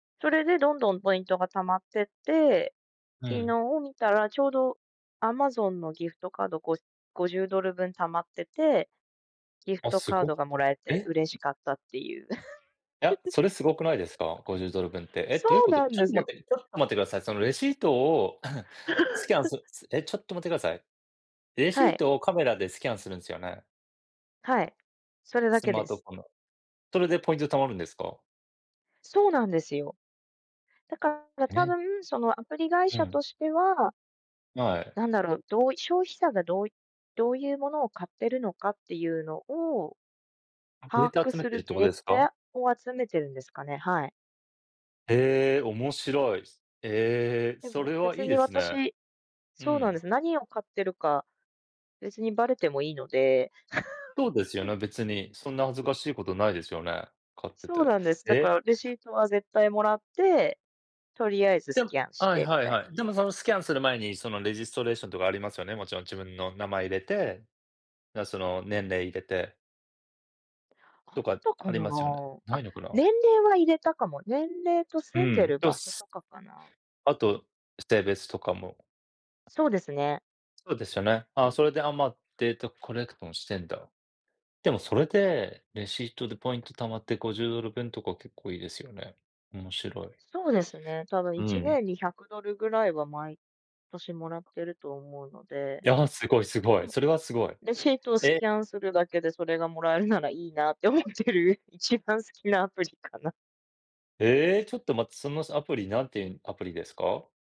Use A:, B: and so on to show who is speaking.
A: それで、どんどんポイントが貯まってって、
B: う
A: 昨
B: ん。
A: 日見たら、丁度アマゾンのギフトカード5-50ドル分貯まってて、ギフ
B: あ、
A: ト
B: す
A: カード
B: ご。
A: が貰えて
B: え。
A: 嬉しかったって言う。
B: いや、それ、凄くないですか、50ドル分って。え、
A: そ
B: どういう
A: う
B: 事。ち
A: なん
B: ょっ
A: で
B: と
A: すよ。
B: 待って、ちょっと待って下さい。その、レシートを スキャンする すえ、ちょっと待って下さい。レシ
A: は
B: ー
A: い。
B: トをカメラでスキャンするんすよね。
A: はい、それだ
B: ス
A: け
B: マ
A: で
B: ート
A: す。
B: フォンの。それでポイント貯まるんですか？
A: そうなんですよ。だから、
B: え
A: 多
B: え。
A: 分、その、アプリ会
B: う
A: 社
B: ん。
A: としては
B: はい。
A: 何だろう、どう消費者が、どういどういう物を買ってるのかって言うのを
B: デー
A: 把
B: タ
A: 握
B: 集め
A: す
B: てるっ
A: る
B: て事
A: デ
B: で
A: ー
B: すか？
A: タを集めてるんですかね。はい。
B: へえ、面白い。ええ、
A: で
B: そ
A: も、
B: れは
A: 別
B: 良いで
A: に、
B: すね。
A: 私
B: う
A: そうなんで
B: ん。
A: す、何を買ってるか、別にバレても良いので。
B: そうですよね、別に、そんな恥ずかしい事ないですよね、買って
A: そう
B: て、
A: なんです。だか
B: え。
A: らレシートは絶対貰って、とりあえずス
B: でも
A: キャンし
B: はい
A: てみ
B: はい
A: たい。
B: はい、でも、その、スキャンする前に、その、レジストレーションとかありますよね、勿論、自分の名前入れて、なその、年齢入れて。
A: あっ
B: とか、
A: た
B: あ
A: か
B: り
A: な。
B: ますよね、無
A: あ、
B: いのかな。
A: 年齢は入れたかも。年齢と
B: う
A: 住んで
B: ん、
A: る
B: と
A: 場所と
B: す
A: かかな。
B: 後、性別とかも。
A: そうですね。
B: そうですよね、あ、それで、あ、ま、データコレクトもしてんだ。でも、それで、レシートでポイント貯まって50ドル分とか結構良いですよね。面白い。
A: そうですね。多分、い
B: う
A: ち
B: ん。
A: ねんに100ドル位は、毎年貰ってると思うので。
B: いや、凄い凄
A: う
B: い、
A: ん。
B: それは凄い。
A: レシートをス
B: え。
A: キャンするだけで、それが貰えるならいいなって思ってる、一番好きなアプリかな。
B: ええ、ちょっと待って、そのさ、アプリ、何て言うアプリですか？